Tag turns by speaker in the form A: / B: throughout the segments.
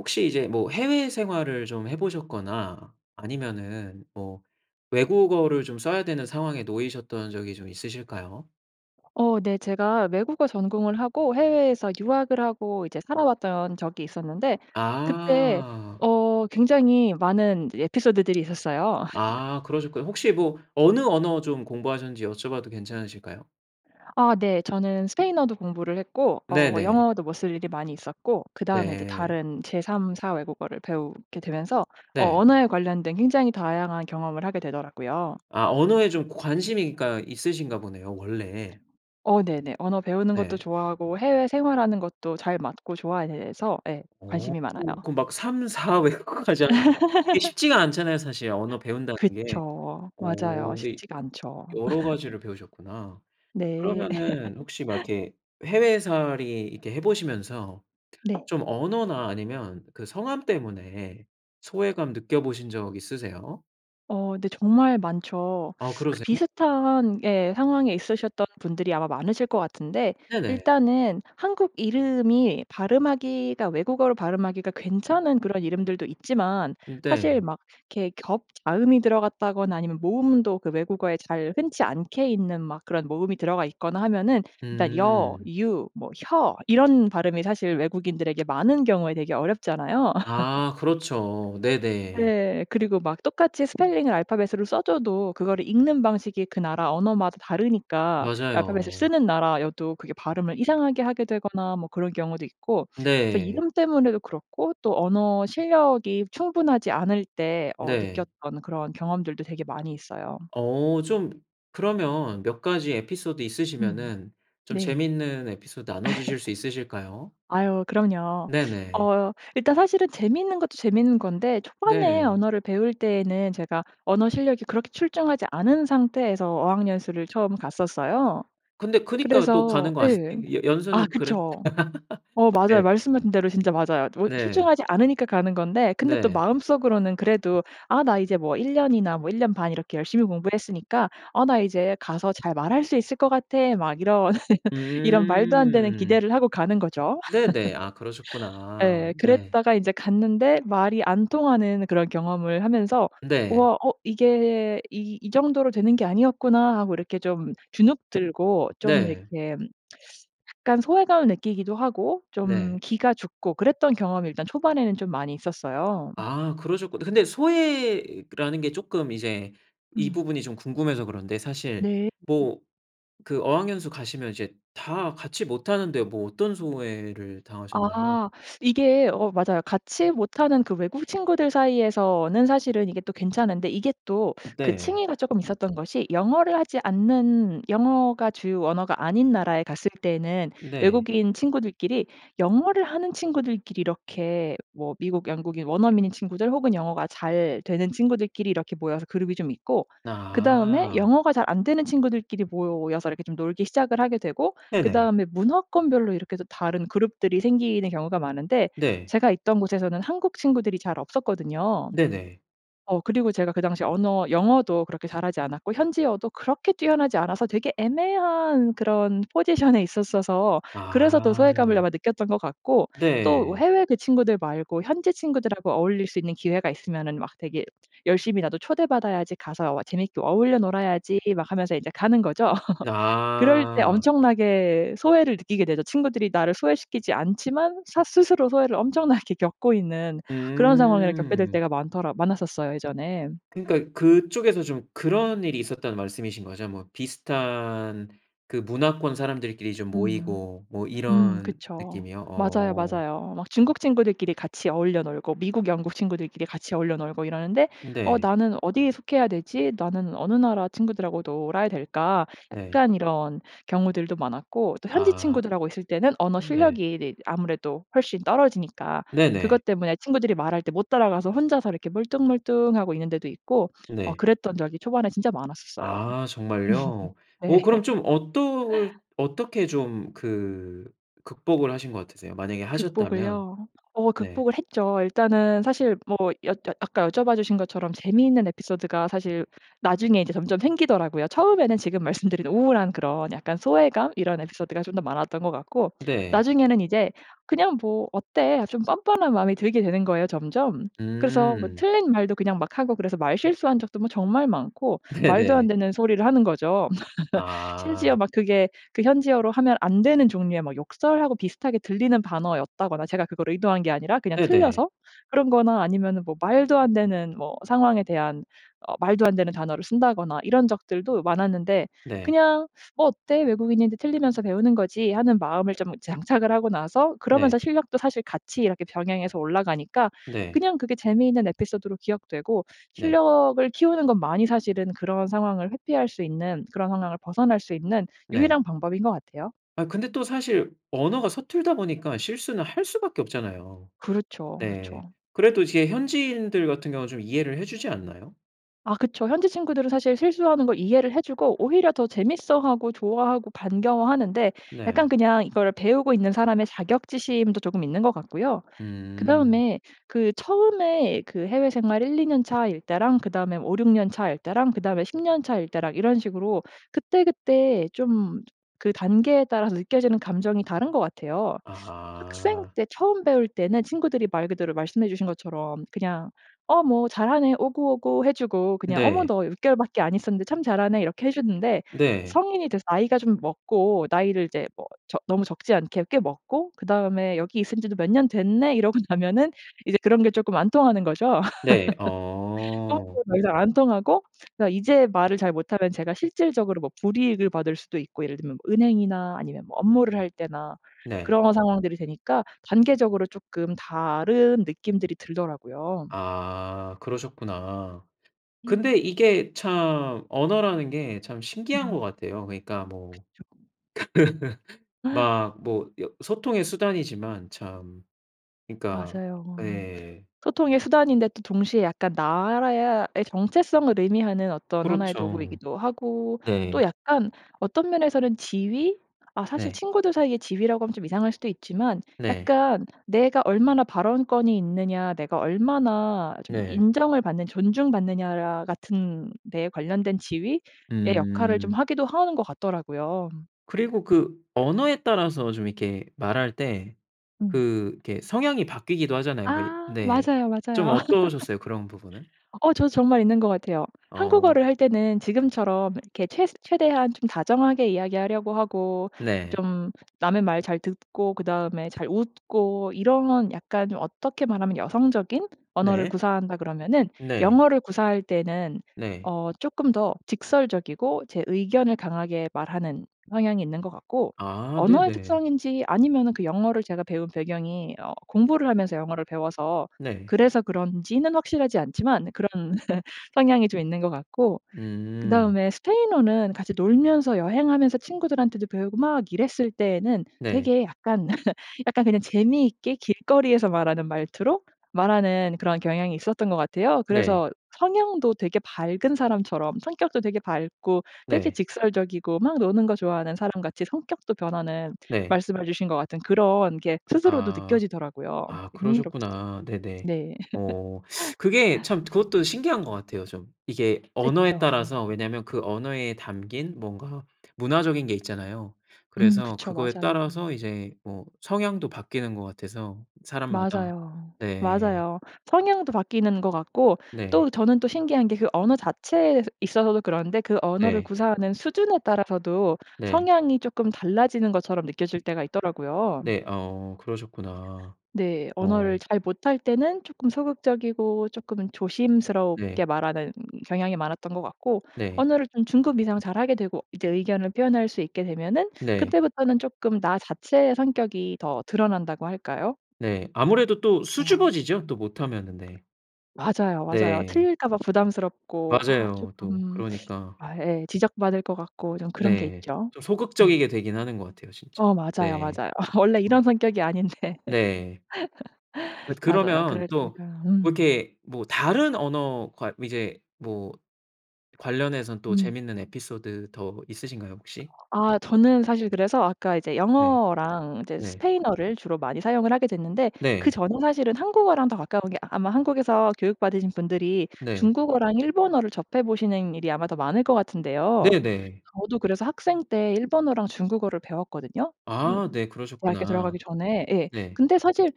A: 혹시 이제 뭐 해외생활을 좀 해 보셨거나 아니면은 뭐 외국어를 좀 써야 되는 상황에 놓이셨던 적이 좀 있으실까요?
B: 어 네 제가 외국어 전공을 하고 해외에서 유학을 하고 이제 살아왔던 적이 있었는데, 그때
A: 아.
B: 어 굉장히 많은 에피소드들이 있었어요.
A: 아 그러셨구나. 혹시 뭐 어느 언어 좀 공부하셨는지 여쭤봐도 괜찮으실까요?
B: 아 네 저는 스페인어도 공부를 했고 어 뭐
A: 네네.
B: 영어도 뭐 쓸 일이 많이 있었고 그 다음에 이제
A: 네.
B: 다른 제 3, 4 외국어를 배우게 되면서 어
A: 네.
B: 언어에 관련된 굉장히 다양한 경험을 하게 되더라고요.
A: 아 언어에 좀 관심이 그니까 있으신가 보네요 원래.
B: 어 네네. 언어 배우는 것도
A: 네.
B: 좋아하고 해외 생활하는 것도 잘 맞고 좋아해서 예
A: 어
B: 관심이 많아요.
A: 그 막 3, 4 외국어까지 하셨대. 이게 쉽지가 않잖아요 사실 언어 배운다는 게.
B: 그쵸
A: 어
B: 맞아요.
A: 근데
B: 쉽지가 않죠.
A: 여러가지를 배우셨구나.
B: 네.
A: 그러면은 혹시 막 이렇게 해외살이 이렇게 해보시면서
B: 네.
A: 좀 언어나 아니면 그 성함 때문에 소외감 느껴보신 적 있으세요?
B: 어 네 정말 많죠.
A: 어
B: 그
A: 그러세요.
B: 비슷한 예 상황에 있으셨던 분들이 아마 많으실 것 같은데
A: 네네.
B: 일단은 한국 이름이 발음하기가 외국어로 발음하기가 괜찮은 그런 이름들도 있지만
A: 음
B: 사실
A: 네.
B: 막 이렇게 겹자음이 들어갔다거나 아니면 모음도 그 외국어에 잘 흔치 않게 있는 막 그런 모음이 들어가 있거나 하면은 일단 여,
A: 음.
B: 유, 뭐 혀 이런 발음이 사실 외국인들에게 많은 경우에 되게 어렵잖아요.
A: 아 그렇죠. 네네.
B: 네 그리고 막 똑같이 스펠링을 알파벳으로 써줘도 그거를 읽는 방식이 그 나라 언어마다 다르니까 알파벳을
A: 맞아요.
B: 쓰는 나라여도 그게 발음을 이상하게 하게 되거나 뭐 그런 경우도 있고 그래서
A: 네.
B: 이름 때문에도 그렇고 또 언어실력이 충분하지 않을 때 어
A: 네.
B: 느꼈던 그런 경험들도 되게 많이 있어요.
A: 어 좀 그러면 몇 가지 에피소드
B: 음
A: 있으시면은 좀
B: 네.
A: 재밌는 에피소드 나눠주실 수 있으실까요?
B: 아유 그럼요.
A: 네네.
B: 어 일단 사실은 재밌는 것도 재밌는 건데 초반에
A: 네.
B: 언어를 배울 때에는 제가 언어 실력이 그렇게 출중하지 않은 상태에서 어학연수를 처음 갔었어요.
A: 근데 그니까 또
B: 그래서
A: 가는 거
B: 예
A: 아니 연
B: 아
A: 연수는 그래?
B: 그쵸. 어 맞아요
A: 예.
B: 말씀하신 대로 진짜 맞아요. 뭐
A: 네.
B: 출중하지 않으니까 가는 건데 근데 또
A: 네.
B: 마음속으로는 그래도 '아 나 이제 뭐 1 년이나 뭐 1 년 반 이렇게 열심히 공부했으니까 아 나 이제 가서 잘 말할 수 있을 것 같애.' 막 이런, 이런 말도 안 되는
A: 음.
B: 기대를 하고 가는 거죠.
A: 네네. 아 그러셨구나.
B: 예
A: 네.
B: 그랬다가 인제 갔는데 말이 안 통하는 그런 경험을 하면서
A: 네.
B: '우와 어 이게 이 이 정도로 되는 게 아니었구나.' 하고 이렇게 좀 주눅 들고 좀
A: 네.
B: 이렇게 약간 소외감을 느끼기도 하고 좀
A: 네.
B: 기가 죽고 그랬던 경험이 일단 초반에는 좀 많이 있었어요.
A: 아 그러셨구 근데 소외라는게 쪼끔 이제 이
B: 음.
A: 부분이 좀 궁금해서 그런데 사실
B: 네.
A: 뭐 그 어학연수 가시면 이제 다 같이 못하는데 뭐 어떤 소외를 당하셨나요?
B: 아 이게 어 맞아요. 같이 못하는 그 외국 친구들 사이에서는 사실은 이게 또 괜찮은데 이게 또 그
A: 네.
B: 층위가 조금 있었던 것이 영어를 하지 않는 영어가 주요 언어가 아닌 나라에 갔을 때에는
A: 네.
B: 외국인 친구들끼리 영어를 하는 친구들끼리 이렇게 뭐 미국 영국인 원어민인 친구들 혹은 영어가 잘되는 친구들끼리 이렇게 모여서 그룹이 좀 있고 그 다음에
A: 아.
B: 영어가 잘 안되는 친구들끼리 모여서 이렇게 좀 놀기 시작을 하게 되고 그
A: 네네.
B: 다음에 문화권별로 이렇게 또 다른 그룹들이 생기는 경우가 많은데
A: 네.
B: 제가 있던 곳에서는 한국 친구들이 잘 없었거든요.
A: 네네.
B: 어 그리고 제가 그 당시 언어 영어도 그렇게 잘하지 않았고 현지어도 그렇게 뛰어나지 않아서 되게 애매한 그런 포지션에 있었어서 그래서 더
A: 아.
B: 소외감을 아마 느꼈던 것 같고 또
A: 네.
B: 해외 그 친구들 말고 현지 친구들하고 어울릴 수 있는 기회가 있으면은 막 되게 열심히 '나도 초대받아야지. 가서 어 재밌게 어울려 놀아야지.' 막 하면서 인제 가는 거죠. 그럴 때
A: 아.
B: 엄청나게 소외를 느끼게 되죠. 친구들이 나를 소외시키지 않지만 사 스스로 소외를 엄청나게 겪고 있는 그런 상황을 겪게 될
A: 음.
B: 때가 많더라 많았었어요 예전에.
A: 그러니까 그쪽에서 좀 그런 일이 있었다는 말씀이신 거죠. 뭐 비슷한 그 문화권 사람들끼리 좀
B: 음.
A: 모이고 뭐
B: 음
A: 이런
B: 그쵸.
A: 느낌이요.
B: 맞아요
A: 어.
B: 맞아요. 막 중국 친구들끼리 같이 어울려 놀고 미국 영국 친구들끼리 같이 어울려 놀고 이러는데 '어
A: 네.
B: 나는 어디에 속해야 되지? 나는 어느 나라 친구들하고 놀아야 될까?'
A: 네.
B: 약간 이런 경우들도 많았고 또 현지
A: 아
B: 친구들하고 있을 때는 언어
A: 네.
B: 실력이 이 아무래도 훨씬 떨어지니까
A: 네네.
B: 그것 때문에 친구들이 말할 때 못 따라가서 혼자서 이렇게 멀뚱멀뚱하고 있는데도 있고 어
A: 네.
B: 그랬던 적이 초반에 진짜 많았었어요.
A: 아 정말요?
B: 음
A: 어
B: 네.
A: 그럼 좀 어떨 어떻게 좀 그 극복을 하신 거 같으세요? 만약에 하셨다면.
B: 극복을요? 어
A: 네.
B: 극복을 했죠. 일단은 사실 뭐 여 여 아까 여쭤봐주신 것처럼 재미있는 에피소드가 사실 나중에 이제 점점 생기더라고요. 처음에는 지금 말씀드린 우울한 그런 약간 소외감 이런 에피소드가 좀 더 많았던 것 같고
A: 네.
B: 나중에는 이제 그냥 뭐 어때 좀 뻔뻔한 마음이 들게 되는 거예요 점점. 그래서 뭐
A: 음.
B: 틀린 말도 그냥 막 하고 그래서 말 실수한 적도 뭐 정말 많고 말도 안
A: 네네.
B: 되는 소리를 하는 거죠. 심지어
A: 아.
B: 막 그게 그 현지어로 하면 안 되는 종류의 뭐 욕설하고 비슷하게 들리는 단어였다거나 제가 그걸 의도한 게 아니라 그냥
A: 네네.
B: 틀려서. 그런 거나 아니면은 뭐 말도 안 되는 뭐 상황에 대한 어 말도 안 되는 단어를 쓴다거나 이런 적들도 많았는데
A: 네.
B: 그냥 '뭐 어때 외국인인데 틀리면서 배우는 거지.' 하는 마음을 좀 장착을 하고 나서 그러면서
A: 네.
B: 실력도 사실 같이 이렇게 병행해서 올라가니까
A: 네.
B: 그냥 그게 재미있는 에피소드로 기억되고
A: 네.
B: 실력을 키우는 것만이 사실은 그런 상황을 회피할 수 있는 그런 상황을 벗어날 수 있는
A: 네.
B: 유일한 방법인 것 같아요.
A: 아 근데 또 사실 언어가 서툴다 보니까 실수는 할 수 밖에 없잖아요.
B: 그렇죠
A: 네.
B: 그렇죠.
A: 그래도 이제 현지인들 같은 경우는 좀 이해를 해 주지 않나요?
B: 아 그쵸. 현지 친구들은 사실 실수하는 걸 이해를 해 주고 오히려 더 재밌어하고 좋아하고 반가워하는데 약간
A: 네.
B: 그냥 이걸 배우고 있는 사람의 자격지심도 조금 있는 것 같고요.
A: 음.
B: 그다음에 그 처음에 그 해외생활 1-2 년 차일 때랑 그다음에 뭐 5-6 년 차일 때랑 그다음에 10 년 차일 때랑 이런 식으로 그때그때 좀 저 그 단계에 따라서 느껴지는 감정이 다른 것 같아요. 학생
A: 아.
B: 때 처음 배울 때는 친구들이 말 그대로 말씀해 주신 것처럼 그냥 "어 뭐 잘하네." 오구오구 해주고 그냥 "어머
A: 네.
B: 너 6 개월밖에 안 있었는데 참 잘하네." 이렇게 해주는데
A: 네.
B: 성인이 돼서 나이가 좀 먹고 나이를 이제 뭐 적 너무 적지 않게 꽤 먹고 그다음에 "여기 있은 지도 몇 년 됐네?" 이러고 나면은 이제 그런 게 조금 안 통하는 거죠.
A: 네.
B: 그런
A: 어.
B: 게 더 이상 안 통하고 그러니까 이제 말을 잘 못하면 제가 실질적으로 뭐 불이익을 받을 수도 있고 예를 들면 뭐 은행이나 아니면 뭐 업무를 할 때나
A: 네.
B: 그런 상황들이 되니까 단계적으로 쪼끔 다른 느낌들이 들더라고요.
A: 아 그러셨구나.
B: 음.
A: 근데 이게 참 언어라는 게 참 신기한 것
B: 음.
A: 같아요. 그러니까 뭐
B: 그쵸.
A: 막 뭐 여 소통의 수단이지만 참 그러니까
B: 맞아요.
A: 예.
B: 소통의 수단인데 또 동시에 약간 나라야 의 정체성을 의미하는 어떤 하나의
A: 그렇쵸.
B: 도구이기도 하고 또
A: 네.
B: 약간 어떤 면에서는 지위? 아 사실
A: 네.
B: 친구들 사이의 지위라고 하면 좀 이상할 수도 있지만
A: 네.
B: 약간 내가 얼마나 발언권이 있느냐 내가 얼마나 좀
A: 네.
B: 인정을 받는 존중받느냐야 같은 데에 관련된 지위의 역할을 좀
A: 음.
B: 하기도 하는 것 같더라고요. 음.
A: 그리고 그 언어에 따라서 좀 이렇게 말할 때
B: 음.
A: 그 이렇게 성향이 바뀌기도 하잖아요. 왜
B: 아.
A: 네.
B: 맞아요, 맞아요.
A: 좀 어떠셨어요 그런 부분은?
B: 어 저도 정말 있는 것 같아요.
A: 어.
B: 한국어를 할 때는 지금처럼 이렇게 최스 최대한 좀 다정하게 이야기하려고 하고
A: 네.
B: 좀 남의 말 잘 듣고 그다음에 잘 웃고 이런 약간 좀 어떻게 말하면 여성적인 언어를
A: 네.
B: 구사한다 그러면은
A: 네.
B: 영어를 구사할 때는
A: 네.
B: 어 쪼끔 더 직설적이고 제 의견을 강하게 말하는 성향이 있는 것 같고
A: 아
B: 언어의
A: 네네.
B: 특성인지 아니면은 그 영어를 제가 배운 배경이 어 공부를 하면서 영어를 배워서
A: 네.
B: 그래서 그런지는 확실하지 않지만 그런 성향이 좀 있는 것 같고
A: 음.
B: 그다음에 스페인어는 같이 놀면서 여행하면서 친구들한테도 배우고 막 이랬을 때에는
A: 네.
B: 되게 약간, 약간 그냥 재미있게 길거리에서 말하는 말투로 말하는 그런 경향이 있었던 것 같아요.
A: 네.
B: 그래서 성향도 되게 밝은 사람처럼 성격도 되게 밝고 되게
A: 네.
B: 직설적이고 막 노는 거 좋아하는 사람 같이 성격도 변하는
A: 네.
B: 말씀해 주신 것 같은 그런 게 스스로도
A: 아.
B: 느껴지더라고요.
A: 아
B: 흥미롭죠.
A: 그러셨구나. 네네.
B: 네.
A: 오. 그게 참 그것도 신기한 것 같아요 좀. 이게 언어에
B: 그쵸.
A: 따라서 왜냐면 그 언어에 담긴 뭔가 문화적인 게 있잖아요.
B: 음.
A: 그래서
B: 그쵸.
A: 그거에
B: 맞아요.
A: 따라서 이제 뭐 성향도 바뀌는 것 같아서 사람마다.
B: 맞아요.
A: 네.
B: 맞아요. 성향도 바뀌는 것 같고
A: 네.
B: 또 저는 또 신기한 게 그 언어 자체에서 있어서도 그런데 그 언어를
A: 네.
B: 구사하는 수준에 따라서도
A: 네.
B: 성향이 쪼끔 달라지는 것처럼 느껴질 때가 있더라고요.
A: 네. 어. 그러셨구나.
B: 네. 언어를
A: 어.
B: 잘 못할 때는 쪼끔 소극적이고 쪼끔은 조심스럽게
A: 네.
B: 말하는 경향이 많았던 것 같고
A: 네.
B: 언어를 좀 중급 이상 잘하게 되고 이제 의견을 표현할 수 있게 되면은
A: 네.
B: 그때부터는 쪼끔 나 자체의 성격이 더 드러난다고 할까요?
A: 네. 아무래도 또
B: 아.
A: 수줍어지죠 또
B: 음.
A: 못하면은. 네.
B: 맞아요, 맞아요.
A: 네.
B: 틀릴까봐 부담스럽고 아
A: 맞아요 또.
B: 쪼끔.
A: 그러니까.
B: 아 예. 지적받을 것 같고 좀 그런 게
A: 네.
B: 있죠.
A: 좀
B: 음.
A: 소극적이게 되긴 하는 것 같아요 진짜.
B: 어 맞아요,
A: 네.
B: 맞아요. 원래 이런
A: [unintelligible]
B: 성격이 아닌데.
A: 네. 엇
B: 맞아요.
A: 그러면
B: 그래서
A: 또
B: 제가
A: 뭐
B: 음.
A: 이렇게 뭐 다른 언어 괄 이제 뭐 관련해서는 또
B: 음.
A: 재밌는 에피소드 더 있으신가요 혹시?
B: 아 저는 사실 그래서 아까 이제
A: 네.
B: 영어랑 이제
A: 네.
B: 스페인어를 주로 많이 사용을 하게 됐는데
A: 네.
B: 그전에 사실은 한국어랑 더 가까운 게 아마 한국에서 교육받으신 분들이
A: 네.
B: 중국어랑 일본어를 접해 보시는 일이 아마 더 많을 것 같은데요.
A: 네네.
B: 저도 그래서 학생 때 일본어랑 중국어를 배웠거든요? 응.
A: 아 네.
B: 대학교 들어가기
A: 그러셨구나.
B: 전에 예.
A: 네.
B: 근데 사실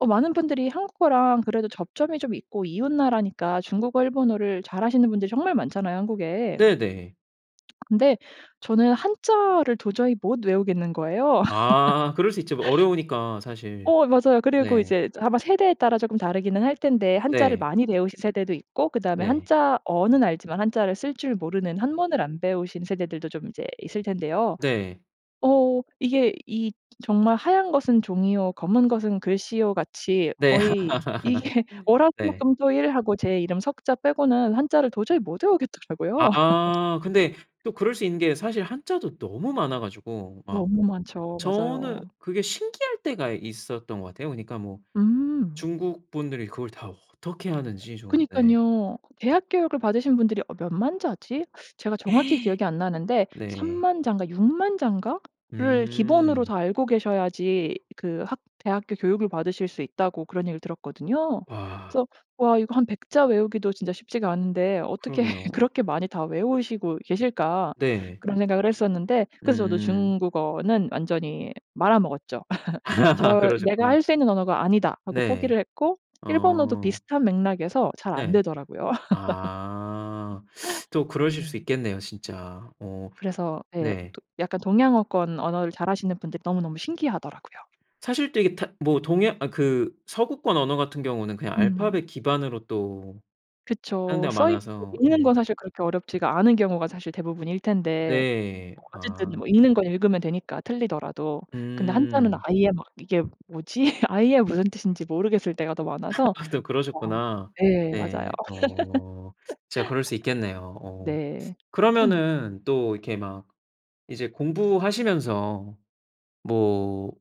B: 어 많은 분들이 한국어랑 그래도 접점이 좀 있고 이웃 나라니까 중국어, 일본어를 잘하시는 분들이 정말 많잖아요 한국에.
A: 네네.
B: 근데 저는 한자를 도저히 못 외우겠는 거예요.
A: 아. 그럴 수 있죠 뭐 어려우니까 사실.
B: 어 맞아요. 그리고
A: 네.
B: 이제 저 아마 세대에 따라 쪼금 다르기는 할 텐데 한자를
A: 네.
B: 많이 배우신 세대도 있고 그다음에
A: 네.
B: 한자어는 알지만 한자를 쓸 줄 모르는 한문을 안 배우신 세대들도 좀 인제 있을 텐데요.
A: 네.
B: 어. 이게 이 정말 "하얀 것은 종이요. 검은 것은 글씨요."같이
A: 네.
B: 거의 이게
A: 네.
B: 월화수목금토일 하고 제 이름 3 자 빼고는 한자를 도저히 못 외우겠더라고요.
A: 아. 근데 또 그럴 수 있는 게 사실 한자도 너무 많아 가지고 막.
B: 너무 많죠. 맞아요.
A: 저는 그게 신기할 때가 있었던 것 같아요. 그러니까 뭐
B: 음.
A: 중국분들이 그걸 다 어떻게 하는지 좀. 네.
B: 그니깐요. 대학 교육을 받으신 분들이 어 몇 만 자지? 제가 정확히 기억이 안 나는데
A: 네.
B: 30,000 자인가? 60,000 자인가?를 기본으로
A: 음.
B: 다 알고 계셔야지 그 학 대학교 교육을 받으실 수 있다고 그런 얘기를 들었거든요.
A: 와.
B: 그래서 '와, 이거 한 100 자 외우기도 진짜 쉽지가 않은데 어떻게
A: 그러게요.
B: 그렇게 많이 다 외우시고 계실까?'
A: 네.
B: 그런 생각을 했었는데 그래서 저도
A: 음.
B: 중국어는 완전히 말아먹었죠. 저를 '내가
A: 그러셨구나.
B: 할 수 있는 언어가 아니다.' 하고
A: 네.
B: 포기를 했고 일본어도
A: 어.
B: 비슷한 맥락에서 잘 안
A: 네.
B: 되더라고요.
A: 아. 또 그러실
B: 네.
A: 수 있겠네요 진짜. 어.
B: 그래서 예.
A: 네.
B: 도 약간 동양어권 언어를 잘하시는 분들이 너무너무 신기하더라고요.
A: 사실 되게 타 뭐 동양 아 그 서구권 언어 같은 경우는 그냥
B: 음.
A: 알파벳 기반으로 또 하는
B: 그쵸.
A: 데가
B: 써 있는 걸
A: 많아서.
B: 읽는
A: 네.
B: 건 사실 그렇게 어렵지가 않은 경우가 사실 대부분일 텐데
A: 네.
B: 뭐 어쨌든
A: 아.
B: 뭐 읽는 건 읽으면 되니까 틀리더라도. 근데 한자는
A: 음.
B: 아예 막 이게 뭐지? 아예 무슨 뜻인지 모르겠을 때가 더 많아서
A: 또
B: 아
A: 그러셨구나.
B: 예. 맞아요.
A: 네. 어. 진짜 그럴 수 있겠네요. 어.
B: 네. 응.
A: 그러면은 또 이렇게 막 이제 공부하시면서 뭐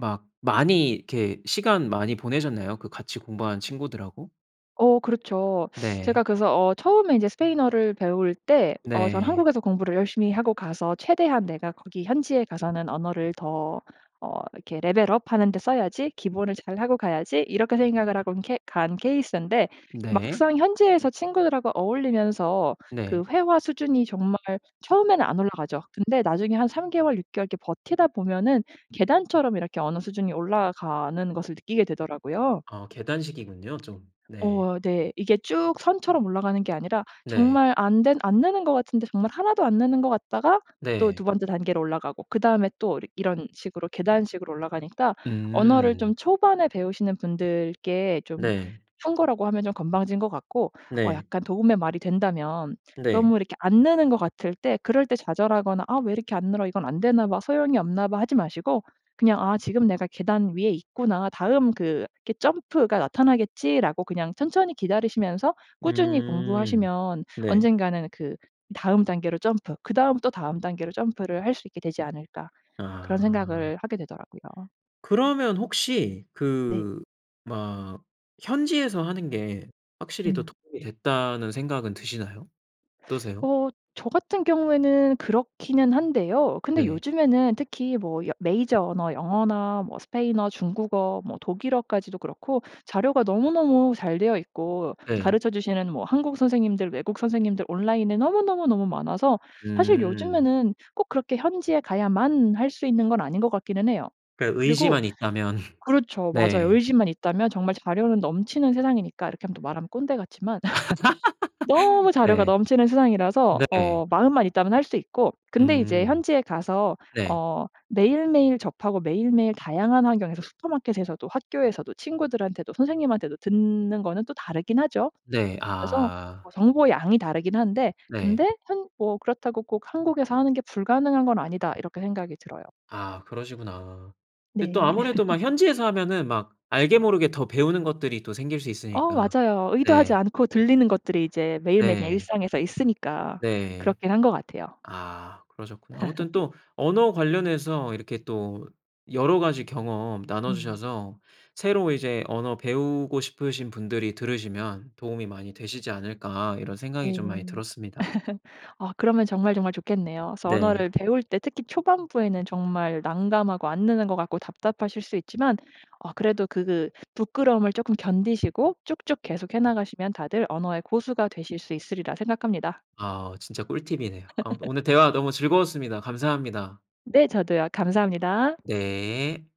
A: 막 많이 이렇게 시간 많이 보내셨나요 그 같이 공부한 친구들하고?
B: 어. 그렇죠. 제가
A: 네.
B: 그래서 어 처음에 인제 스페인어를 배울 때, 어 저는
A: 네.
B: '한국에서 공부를 열심히 하고 가서 최대한 내가 거기 현지에 가서는 언어를 더 어 이렇게 레벨 업 하는데 써야지. 기본을 잘하고 가야지.' 이렇게 생각을 하고 케 간 케이스인데
A: 네.
B: 막상 현지에서 친구들하고 어울리면서 그
A: 네.
B: 회화 수준이 정말 처음에는 안 올라가죠. 근데 나중에 한 3 개월, 6 개월 이렇게 버티다 보면은 계단처럼 이렇게 어느 수준이 올라가는 것을 느끼게 되더라고요.
A: 아, 계단식이군요 좀. 네.
B: 어, 네. 이게 쭉 선처럼 올라가는 게 아니라
A: 네.
B: 정말 안 된 안 느는 것 같은데 정말 하나도 안 느는 것 같다가 또 2
A: 네.
B: 번째 단계로 올라가고 그다음에 또 이렇 이런 식으로 계단식으로 올라가니까 언어를
A: 음.
B: 좀 초반에 배우시는 분들께 좀
A: 네.
B: 충고라고 하면 좀 건방진 것 같고 어
A: 네.
B: 약간 도움의 말이 된다면
A: 네.
B: 너무 이렇게 안 느는 것 같을 때 그럴 때 좌절하거나 '아. 왜 이렇게 안 늘어? 이건 안 되나 봐. 소용이 없나 봐.' 하지 마시고 그냥 '아. 지금 내가 계단 위에 있구나. 다음 그 이렇게 점프가 나타나겠지.'라고 그냥 천천히 기다리시면서 꾸준히
A: 음.
B: 공부하시면
A: 네.
B: 언젠가는 그 다음 단계로 점프, 그다음 또 다음 단계로 점프를 할 수 있게 되지 않을까 그런
A: 아.
B: 생각을 하게 되더라고요.
A: 그러면 혹시,
B: 네.
A: 그 막 현지에서 하는 게 확실히 더
B: 음.
A: 도움이 됐다는 생각은 드시나요? 어떠세요?
B: 어. 저 같은 경우에는 그렇기는 한데요. 근데
A: 네.
B: 요즘에는 특히 뭐 여 메이저 언어, 영어나 뭐 스페인어, 중국어, 뭐 독일어까지도 그렇고 자료가 너무너무 잘 되어 있고
A: 네.
B: 가르쳐 주시는 뭐 한국 선생님들, 외국 선생님들 온라인에 너무너무너무 많아서 사실
A: 음.
B: 요즘에는 꼭 그렇게 현지에 가야만 할 수 있는 건 아닌 것 같기는 해요.
A: 그니까
B: 그리고
A: 의지만 있다면.
B: 그렇죠. 맞아요.
A: 네.
B: 의지만 있다면 정말 자료는 넘치는 세상이니까 이렇게 하면 또 말하면 꼰대 같지만 너무 자료가
A: 네.
B: 넘치는 세상이라서
A: 네.
B: 어 마음만 있다면 할 수 있고, 근데 이제
A: 음.
B: 현지에 가서
A: 네.
B: 어 매일매일 접하고 매일매일 다양한 환경에서 슈퍼마켓에서도 학교에서도 친구들한테도 선생님한테도 듣는 거는 또 다르긴 하죠.
A: 네.
B: 그래서
A: 아.
B: 어 정보량이 다르긴 한데,
A: 네.
B: 근데 한 뭐 그렇다고 꼭 '한국에서 하는 게 불가능한 건 아니다.' 이렇게 생각이 들어요.
A: 아 그러시구나. 그 또
B: 네.
A: 아무래도 막 현지에서 하면은 막 알게 모르게 더 배우는 것들이 또 생길 수
B: 어,
A: 있으니까.
B: 맞아요. 의도하지
A: 네.
B: 않고 들리는 것들이 이제 매일매일 그냥
A: 네.
B: 일상에서 있으니까
A: 네.
B: 그렇긴 한 것 같아요.
A: 아 그러셨구나. 아무튼 또 언어 관련해서 이렇게 또 여러 가지 경험
B: 음.
A: 나눠주셔서 새로 이제 언어 배우고 싶으신 분들이 들으시면 도움이 많이 되시지 않을까 이런
B: 네.
A: 생각이 좀 많이 들었습니다.
B: 아, 그러면 정말 정말 좋겠네요. 그래서
A: 네.
B: 언어를 배울 때 특히 초반부에는 정말 난감하고 안 느는 것 같고 답답하실 수 있지만 어 그래도 그 부끄러움을 조금 견디시고 쭉쭉 계속해 나가시면 다들 언어의 고수가 되실 수 있으리라 생각합니다.
A: 아. 진짜 꿀팁이네요. 아무튼 오늘 대화 너무 즐거웠습니다. 감사합니다.
B: 네. 저도요. 감사합니다.
A: 네.